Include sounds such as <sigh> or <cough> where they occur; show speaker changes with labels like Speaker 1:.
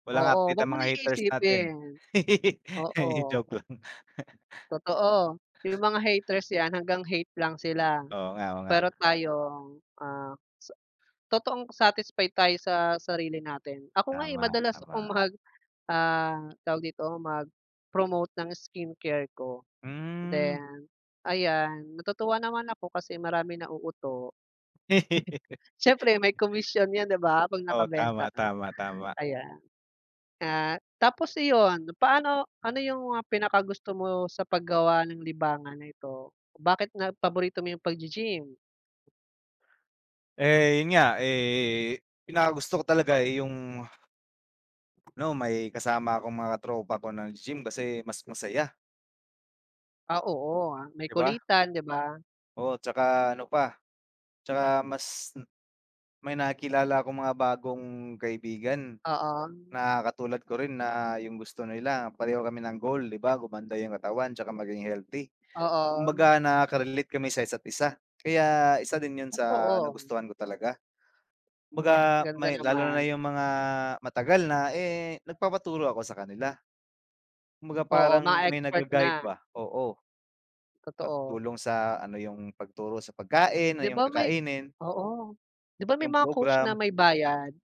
Speaker 1: Walang
Speaker 2: Oo,
Speaker 1: update
Speaker 2: huwag
Speaker 1: ang
Speaker 2: mo na
Speaker 1: mga haters natin.
Speaker 2: iisipin.
Speaker 1: <laughs>
Speaker 2: Oo.
Speaker 1: Joke lang.
Speaker 2: Totoo. 'Yung mga haters 'yan hanggang hate lang sila,
Speaker 1: Oo nga, oo nga.
Speaker 2: pero tayong, ah sa totoong satisfied tayo sa sarili natin. Ako nga eh
Speaker 1: Tama,
Speaker 2: madalas akong
Speaker 1: tama.
Speaker 2: mag ah, tawag dito, mag-promote ng skincare ko,
Speaker 1: Hmm.
Speaker 2: then ayan, natutuwa naman ako kasi maraming nauuto.
Speaker 1: <laughs>
Speaker 2: <chuckles> Siyempre may komisyon yan 'di ba 'pag
Speaker 1: Oo,
Speaker 2: nakabenta
Speaker 1: tama,
Speaker 2: ka,
Speaker 1: tama, tama.
Speaker 2: ayan. Ah, tapos iyon, paano ano 'yung mga pinaka-gusto mo sa paggawa ng libangan na ito? Bakit na paborito mo 'yung pag-gi-gym?
Speaker 1: Eh 'yun nga eh, pinakagusto ko talaga eh 'yung ano may kasama akong mga tropa ko nag-gi-gym kasi mas masaya.
Speaker 2: Ah, oo, may
Speaker 1: 'Di ba.
Speaker 2: kulitan 'di ba.
Speaker 1: Oo 'tsaka ano pa, 'tsaka mas may nakikilala akong mga bagong kaibigan,
Speaker 2: Oo.
Speaker 1: na katulad ko rin na 'yung gusto nila pareho kami ng goal 'di ba gumanda 'yung katawan 'tsaka maging healthy.
Speaker 2: Oo.
Speaker 1: Kumbaga nakakarelate kami sa isa't-isa, kaya isa din 'yun sa
Speaker 2: Totoo.
Speaker 1: nagustuhan ko talaga. Kumbaga
Speaker 2: Ganda
Speaker 1: may lalo na
Speaker 2: naman.
Speaker 1: 'yung mga matagal na eh, nagpapaturo ako sakanila. Kumbaga
Speaker 2: Oo,
Speaker 1: parang
Speaker 2: mga
Speaker 1: may
Speaker 2: expert
Speaker 1: nag-ga-guide
Speaker 2: na.
Speaker 1: ba, oo.
Speaker 2: Totoo.
Speaker 1: Matutulong sa ano 'yung pagturo sa pagkain, o
Speaker 2: 'Di
Speaker 1: 'yung
Speaker 2: ba may
Speaker 1: kakainin.
Speaker 2: oo. 'Di ba may
Speaker 1: Yung
Speaker 2: mga coach na
Speaker 1: program.
Speaker 2: may bayad?